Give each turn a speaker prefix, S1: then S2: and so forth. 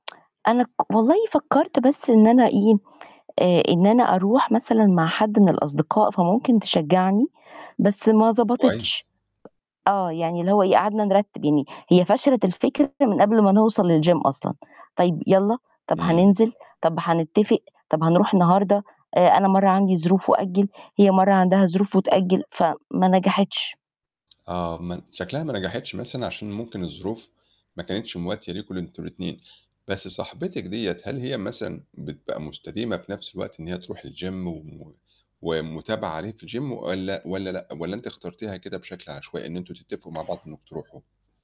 S1: أنا ك والله فكّرت بس إن أنا إيه، آآ إن أنا أروح مثلًا مع حد من الأصدقاء فممكن تشجّعني، بس ما ضبطتش.
S2: كويس.
S1: آه، يعني اللي هو إيه، قعدنا نرتِّب، يعني هي فشلت الفكرة من قبل ما نوصَل للgym أصلًا. طيب يالّا، طَب
S2: إمم.
S1: هننزِل، طَب هنتتفق، طَب هنروح النهارده، آآ أنا مرّة عندي ظروف وأجِّل، هي مرّة عندها ظروف وتأجِّل، فما نجحتش.
S2: آه، م شكلها ما نجحتش مثلًا عشان ممكن الظروف ما كانتش مواتية ليكم ل أنتم الاتنين، بس صاحبتِك ديّة هل هي مثلًا بتبقى مُستديمة في نَفْس الوقت إن هي تروح الgym و ومتابعة عليه في الgym والّا والّا لأ؟ والّا أنتِ اخترتيها كده بشكل عشوائي إن أنتم تتّفقوا مع بعض إنّكم تروحوا؟